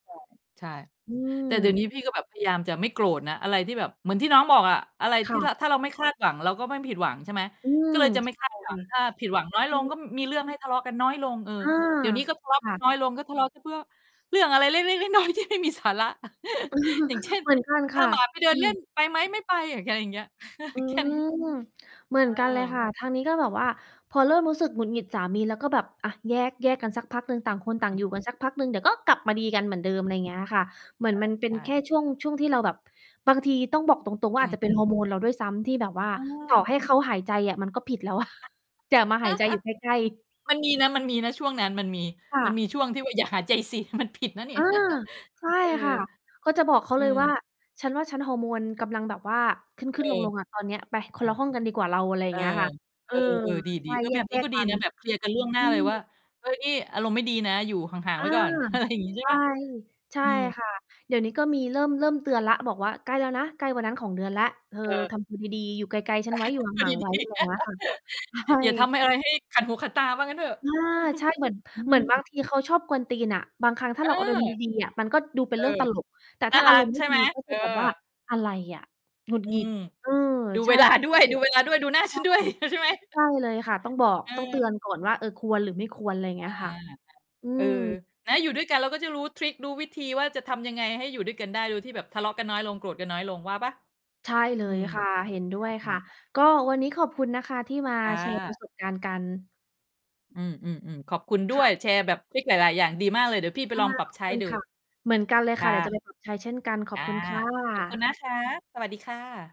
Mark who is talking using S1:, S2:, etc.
S1: ใช่ ใช่
S2: อื
S1: แต่เดี๋ยวน
S2: ม
S1: ี้พี่ก็แบบพยายามจะไม่โกรธนะ อะไรที่แบบ เหมือนที่น้องบอกอะ อะไร
S2: ค
S1: ท
S2: ่
S1: ี่
S2: ะ
S1: ระ ถ้าเราไม่คาดหวัง เราก็ไม่ผิดหวัง ใช่ไหม
S2: อื
S1: ก
S2: ม
S1: ็เลยจะไ
S2: ใ
S1: ม
S2: ช
S1: ่ ค
S2: ่
S1: าดห
S2: ค
S1: วั
S2: ่ะ
S1: ง ถ้าผิดหวังน้อย
S2: อ
S1: ล
S2: ื
S1: ง ก
S2: อ
S1: ็ ม มีเรื่องให้ทะเลาะกันน้อยลง เออ
S2: เออ
S1: เดี๋ยวนี้ก็ทะเล
S2: ค
S1: าะก
S2: ่
S1: ัน
S2: ะ
S1: น้อยลง ก็ทะเลาะกันพวก เรื่องอะไรเล็ก ๆ น้อย ๆ ที่ไม่มีสาระ อย่างเช่น
S2: เหมือนกัน
S1: "พ
S2: ค
S1: า
S2: ่ะ
S1: หมาไปเดิ
S2: อ
S1: น
S2: ื
S1: เล่
S2: ม
S1: น ไปไหม?" "ไม่ไป" อย่างเงี้ย ๆ
S2: อื
S1: แค่นี้
S2: ม เหมื
S1: เ
S2: อ
S1: ออ
S2: นกันเลยค่ะ ทางนี้ก็แบบว่าพอเริ่มรู้สึกหงุดหงิดสามีแล้ว ก็แบบ อะ แยก แยกกันสักพักหนึ่ง ต่างคนต่
S1: อ
S2: า
S1: ื
S2: งอยู่
S1: ม
S2: กันสักพักหนึ่ง เดี๋ยวก็กลับมาดีกันเหมื
S1: อ
S2: อน
S1: ื
S2: เด
S1: อ
S2: ิม อะไรอย่างเงี้ยค่ะ เหมือนมั
S1: อ
S2: น
S1: ือ
S2: เป็
S1: อา ใช่ ใช
S2: นแค่
S1: ่
S2: ช่วง ช่วงที่เราแบบ บางทีต้องบอกตรง ๆ ว
S1: อ
S2: ่
S1: ื
S2: า อาจจะเป็น ฮ
S1: ม
S2: อ
S1: ๆ
S2: ร์โมน เราด้วยซ้ำ ที่แบบว่า
S1: เ
S2: ต่อ
S1: ออ
S2: ให้เขาหายใจอะ มันก็ผิดแล้วอะ อย่ามาหายใจอยู่ใกล้ ๆ
S1: มันมีนะ มันมีนะ ช่วงนั้นมันมี
S2: ค่
S1: มันม
S2: ะ
S1: ีช่วงที่ว่า อย่าหายใจสิ มันผิดนะนี่
S2: อา ใช่
S1: เอ
S2: ค
S1: อ
S2: ่ะ ก็จะบอกเขา
S1: อ
S2: เ
S1: ื
S2: ลย
S1: ม
S2: ว่า "ฉันว่า ฉันฮอร์โมนกำลังแบบว่า ข
S1: เอ
S2: ึ้
S1: อ
S2: น ๆ ลง ๆ อะ ตอนเนี้ย ไป คนละห้องกันดีกว่าเรา" อะไรอย
S1: เ
S2: ่
S1: อ
S2: าง
S1: อ
S2: เงี้ยค่ะ เ
S1: เอ
S2: ออ
S1: อ เออ ๆ ด
S2: ใช
S1: ี
S2: ่
S1: ๆ เออ
S2: แ
S1: แบบน
S2: ย
S1: ี้ก
S2: ก
S1: ็
S2: ๆ
S1: ด
S2: ก
S1: ี
S2: ัน
S1: นะแบบเคลียร์กันล่วงหน
S2: อ
S1: ้
S2: ื
S1: าเล
S2: อ
S1: ยว่า "เฮ้ย อารมณ์ไม่ดีนะ อยู่ห่าง
S2: อ
S1: ๆ ไ
S2: า
S1: ว้ก่อน" อะไร อย่างงี้ใช
S2: ใ
S1: ่
S2: ช
S1: เ
S2: ่
S1: ปล่า?
S2: ใช่
S1: อืม
S2: ค่ะ เดี๋ยวนี้ ก็มีเริ่ม เริ่มเตือนแล้ว บอกว่า "ใกล้แล้วนะ ใกล้วันนั้นของเดือนแล้ว เธอ
S1: เออ
S2: ทำตัวดี ๆ อยู่ไกล ๆ ฉั
S1: อ
S2: น
S1: ะ
S2: ไว
S1: ฮ
S2: ้
S1: ะ
S2: อยู่
S1: ดู
S2: ห่า
S1: ด
S2: ง ๆ ไว้"
S1: ี
S2: อะไรอย่างเงี้
S1: ๆ
S2: ย ค่ะ ใช
S1: อย่าทำ
S2: ่
S1: ให้อะไรให้ขัดหูขัดตา ว่างั้นเถอะ
S2: อา ใช่ เหมือน
S1: อื
S2: เหมือนบาง
S1: ม
S2: ทีเขาชอบกวนตีนอะ บางครั้งถ้
S1: เ
S2: า
S1: อ
S2: เ
S1: อ
S2: ราอารมณ์ดี ๆ อะ มันก็ดูเป็
S1: เอ
S2: นเร
S1: อ
S2: ื่องตลก แต่
S1: น่
S2: ถ
S1: า
S2: ้า
S1: ร
S2: อ
S1: ั
S2: าร
S1: ก
S2: มณ์ไ
S1: ใ
S2: ม
S1: ช
S2: ่
S1: ่ไ
S2: ดี
S1: หม
S2: ก็
S1: เ
S2: จ
S1: ออ
S2: ะแบบว่า "อะไรอะ หงุด
S1: อื
S2: หงิด"
S1: ม
S2: เออ
S1: ดู
S2: ใช
S1: เ
S2: ่
S1: วลา
S2: ก็ต้
S1: ด
S2: อ
S1: ้
S2: ง
S1: ว
S2: เ
S1: ย
S2: ตื
S1: ดู
S2: อน
S1: เวลาด้วย ดูหน้า
S2: ใช
S1: ฉั
S2: ่
S1: นด้วย งั้น ใช่ไหม?
S2: ใช่เลยค่ะ ต้องบอก
S1: เ
S2: ต้องเตือ
S1: ออ
S2: นก่อนว่า "เออ ควรหรือไม่ควร" อะไรอย่า
S1: อ
S2: ง
S1: า
S2: เงี้ยค่ะ อื
S1: เออ
S2: ม
S1: แต่ถ้าอยู่ด้วยกัน เราก็จะรู้ทริก รู้วิธีว่าจะทำยังไงให้อยู่ด้วยกันได้ โดยที่แบบทะเลาะกันน้อยลง โกรธกันน้อยลงว่าเปล่า?
S2: ใช่เล
S1: อื
S2: ย
S1: ม
S2: ค่ะ เห็นด้ว
S1: อา
S2: ย
S1: อื
S2: ค่ะ
S1: ม อา
S2: ก็วันนี้ขอบคุณนะคะ ที่มา
S1: อ
S2: แชร์ ป
S1: า
S2: ระสบ การณ์กัน
S1: อืม ๆ ๆ ขอบคุณด้
S2: ค่
S1: วย
S2: ะ
S1: แชร์แบบทริกหลาย ๆ อย่าง ดีมากเลย เดี๋ยวพี่ไป
S2: ค่
S1: ล
S2: ะ
S1: องปรับ
S2: ขอ
S1: ใ
S2: บ
S1: ช้
S2: คุณ
S1: ดู
S2: ค่ะ เหมือนกันเลย
S1: ค
S2: ค่ะ
S1: ่
S2: เดี๋ยวจะ
S1: ะ
S2: ไปปรับ ใช้เช่นกัน ข
S1: อ
S2: อบ
S1: า
S2: คุณค่
S1: ขอบคุณ
S2: ะ
S1: นะคะ สวัสดีค่ะ